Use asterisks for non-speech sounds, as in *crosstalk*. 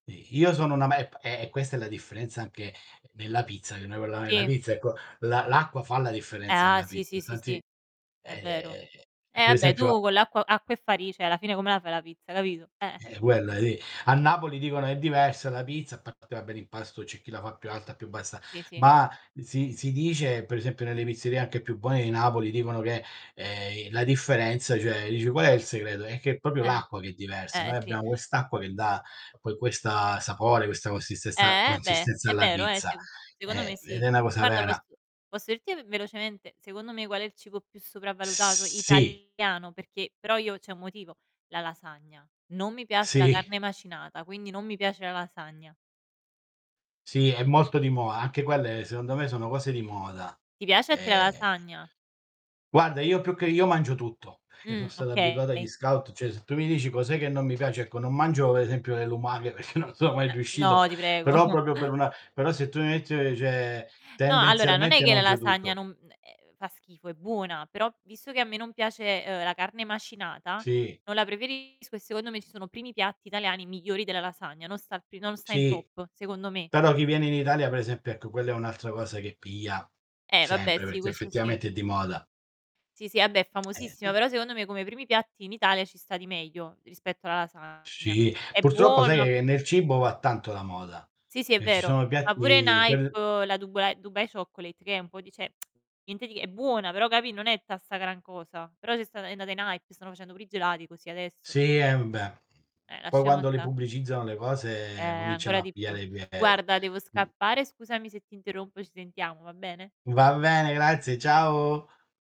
I io sono una *unintelligible* e e questa è la differenza anche nella pizza, *unintelligible* quella nella Sì. pizza ecco. L'a l'acqua fa la Eh, differenza ah, nella sì, pizza, sì, sì, sì. infatti È vero. ehm, p Eh, pe' vabbè, esempio a tu con l'acqua acqua e fari cioè alla fine come la fai la pizza, capito? Eh-eh. Eh, quella lì. A Napoli dicono: "È diversa la pizza", a parte vabbè l'impasto, c'è chi la fa più alta, più bassa. Sì, sì. Ma si si dice, per esempio, nelle pizzerie anche più buone di Napoli dicono che, ehm, la differenza, cioè dici: "Qual è il segreto?" È che è proprio Eh, l'acqua che è diversa. eh Noi sì. abbiamo quest'acqua che dà poi questa sapore, questa consistenza Eh, eh beh, consistenza è alla vero, eh, pizza. seco secondo me Eh, sì. ed è una cosa Guarda, posso vera. posso dirti v velocemente, secondo me qual è il cibo più sopravvalutato Sì. italiano, perché però io c'è un motivo: la lasagna. Non mi piace la Sì. carne macinata, quindi non mi piace la lasagna. Sì, è molto di moda. Anche quelle secondo me sono cose di moda. Ti piace a te la E lasagna? Guarda, io più che io mangio tutto, perché son Mh, stato abituato agli okay. scout cioè se tu mi dici: "Cos'è che non mi piace", ecco, non mangio pe' esempio le lumache perché non sono mai Uhm, riuscito. no, ti prego. Però proprio per *chuckles* una però se tu mi metti uhm, cioè No, allora non è tendenzialmente che la mangio lasagna tutto. non eh fa schifo, è buona. Però visto che a me non piace, uhm, la carne macinata Sì. non la preferisco e secondo me ci sono primi piatti italiani migliori della lasagna, non sta al pri non sta in Sì. top, secondo me. Però chi viene in Italia, per esempio, ecco quella è un'altra cosa che piglia Eh, vabbè, sempre, sì, perché questo sì. effettivamente è di moda. Sì, sì, vabbè è famosissima, Eh. però secondo me come primi piatti in Italia ci sta di meglio rispetto alla lasagna. Sì, È purtroppo sai buona p che nel cibo va tanto la moda. Sì, sì, è Eh, ci vero. sono Ma pure in piatti piad hype la Duba Dubai Chocolate, che è un po' di cioè *tsk* niente di è buona, però capì non è tutta 'sta gran cosa. Però c'è stata è andata in hype, stanno facendo pure i gelati così adesso. Sì, eh, beh. Eh, Poi lasciamo quando le stà. pubblicizzano le Eh, cose cominciano ancora a di più. pigliare piede. Guarda, devo scappare, scusami se ti interrompo, ci sentiamo, va bene? Va bene, grazie, ciao.